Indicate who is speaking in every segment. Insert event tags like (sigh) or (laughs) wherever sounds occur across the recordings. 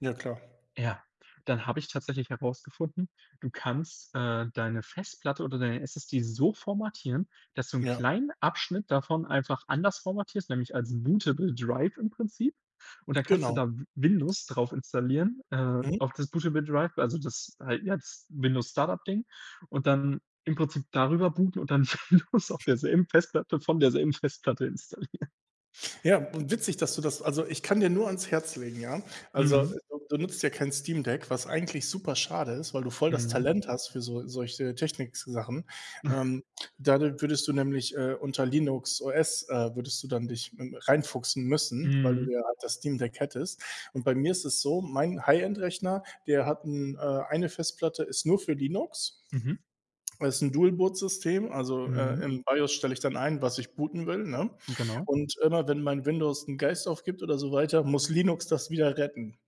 Speaker 1: Ja klar.
Speaker 2: Ja, dann habe ich tatsächlich herausgefunden, du kannst, äh, deine Festplatte oder deine SSD so formatieren, dass du 'n
Speaker 1: Ja.
Speaker 2: kleinen Abschnitt davon einfach anders formatierst, nämlich als bootable Drive im Prinzip. Und dann kannst du
Speaker 1: Genau.
Speaker 2: dann W-Windows drauf installieren, äh,
Speaker 1: Mhm.
Speaker 2: auf das bootable Drive, also das halt jetzt Windows-Startup-Ding und dann im Prinzip darüber booten und dann Windows auf
Speaker 1: (snorts)
Speaker 2: derselben Festplatte von derselben Festplatte installieren.
Speaker 1: Ja und witzig, dass du das also, ich kann dir nur ans Herz legen, ja, also,
Speaker 2: Mhm.
Speaker 1: du du nutzt ja kein Steam Deck, was eigentlich super schade ist, weil du voll das
Speaker 2: Mhm.
Speaker 1: Talent hast für so solche Technik-Sachen.
Speaker 2: (chuckles)
Speaker 1: Ähm, da da würdest du nämlich, äh, unter Linux OS äh, würdest du dann dich, hm, reinfuchsen müssen, weil du
Speaker 2: Mhm.
Speaker 1: ja das Steam Deck hättest. Und bei mir ist es so, mein High-End-Rechner, der hat 'n äh, eine Festplatte ist nur für Linux.
Speaker 2: Mhm.
Speaker 1: Das ist 'n Dual-Boot-System. Also, äh,
Speaker 2: Mhm.
Speaker 1: im BIOS stelle ich dann ein, was ich booten will, ne?
Speaker 2: Genau.
Speaker 1: Und immer wenn mein Windows 'n Geist aufgibt oder so weiter, muss Linux das wieder retten.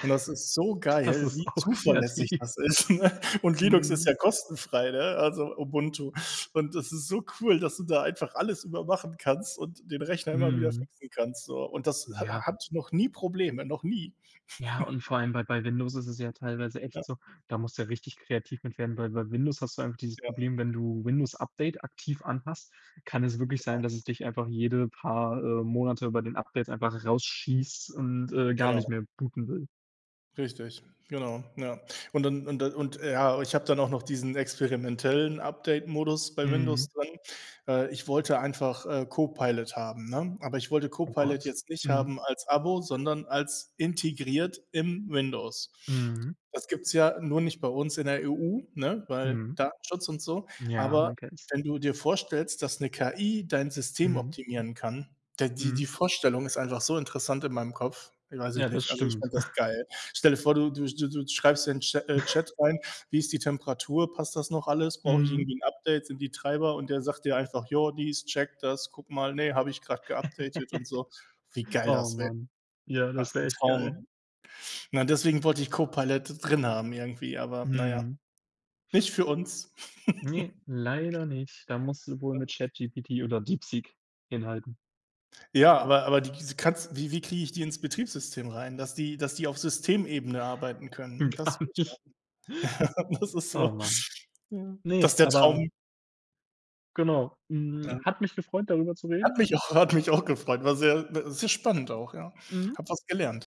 Speaker 1: Und das ist so
Speaker 2: Das
Speaker 1: geil,
Speaker 2: ist
Speaker 1: wie
Speaker 2: auch
Speaker 1: zuverlässig
Speaker 2: kreativ.
Speaker 1: das ist, ne? (laughs) Und Linux ist
Speaker 2: Mhm.
Speaker 1: ja kostenfrei, ne, also Ubuntu. Und das ist so cool, dass du da einfach alles über machen kannst und den Rechner immer wieder
Speaker 2: Mhm.
Speaker 1: fixen kannst, so. Und das ha ha
Speaker 2: Ja.
Speaker 1: hat noch nie Probleme, noch nie.
Speaker 2: Ja,
Speaker 1: (chuckles)
Speaker 2: und vor allem bei bei Windows ist es ja teilweise echt
Speaker 1: Ja.
Speaker 2: so, da musst du ja richtig kreativ mit werden, weil bei Windows hast du einfach dieses
Speaker 1: Ja.
Speaker 2: Problem, wenn du Windows-Update aktiv an hast, kann es wirklich sein,
Speaker 1: Genau.
Speaker 2: dass es dich einfach jede paar, äh, Monate bei den Updates einfach rausschießt und, äh, gar
Speaker 1: Genau.
Speaker 2: nicht mehr booten will.
Speaker 1: Richtig, genau, ja. Und dann und dann und ja, ich habe dann auch noch diesen experimentellen Update-Modus bei Windows
Speaker 2: Mhm.
Speaker 1: drin. Äh, ich wollte einfach, äh, Copilot haben, ne? Aber ich wollte
Speaker 2: Oh
Speaker 1: Copilot
Speaker 2: Gott,
Speaker 1: jetzt nicht
Speaker 2: mhm.
Speaker 1: haben als Abo, sondern als integriert im Windows.
Speaker 2: Mhm.
Speaker 1: Das gibt's ja nur nicht bei uns in der EU, ne, weil
Speaker 2: Mhm.
Speaker 1: Datenschutz und so.
Speaker 2: Ja,
Speaker 1: Aber
Speaker 2: man kennt's.
Speaker 1: wenn du dir vorstellst, dass 'ne KI dein System
Speaker 2: Mhm.
Speaker 1: optimieren kann, der die
Speaker 2: Mhm.
Speaker 1: die Vorstellung ist einfach so interessant in meinem Kopf. Weiß
Speaker 2: Ja,
Speaker 1: ich
Speaker 2: das
Speaker 1: nicht. Also, ich
Speaker 2: stimmt.
Speaker 1: fände das
Speaker 2: (chuckles)
Speaker 1: geil. Stell dir vor, du du du du schreibst in den Cha äh,
Speaker 2: (snorts)
Speaker 1: Chat rein: „Wie ist die Temperatur? Passt das noch alles? Brauche ich
Speaker 2: Mhm.
Speaker 1: irgendwie 'n Update? Sind die Treiber?“ Und der sagt dir einfach: „Jo, dies, check das, guck mal. Ne, habe ich grad geupdatet und so.“ Wie
Speaker 2: (giggles)
Speaker 1: geil
Speaker 2: Oh
Speaker 1: das wä
Speaker 2: Mann. Ja,
Speaker 1: das
Speaker 2: das wäre
Speaker 1: 'n
Speaker 2: echt geil.
Speaker 1: Traum. Nein, deswegen wollte ich Copilot drin haben irgendwie, aber na ja,
Speaker 2: Mhm.
Speaker 1: nicht für uns.
Speaker 2: Ne, leider nicht. Da musst
Speaker 1: (chuckles)
Speaker 2: du wohl mit
Speaker 1: (unintelligible)
Speaker 2: ChatGPT oder DeepSeek hinhalten.
Speaker 1: Ja, aber aber die diese kanns wie wie krieg ich die ins Betriebssystem rein, dass die dass die auf Systemebene arbeiten können?
Speaker 2: Gar
Speaker 1: Das will ich
Speaker 2: nicht.
Speaker 1: haben. (laughs) Das ist so
Speaker 2: Oh
Speaker 1: Ja,
Speaker 2: Mann. Ne,
Speaker 1: das der
Speaker 2: aber
Speaker 1: Traum.
Speaker 2: genau, hm,
Speaker 1: Ja.
Speaker 2: hat mich gefreut, darüber zu
Speaker 1: Hat
Speaker 2: reden.
Speaker 1: mich auch hat mich auch gefreut. War sehr w sehr spannend auch, ja.
Speaker 2: Mhm.
Speaker 1: Habe was gelernt.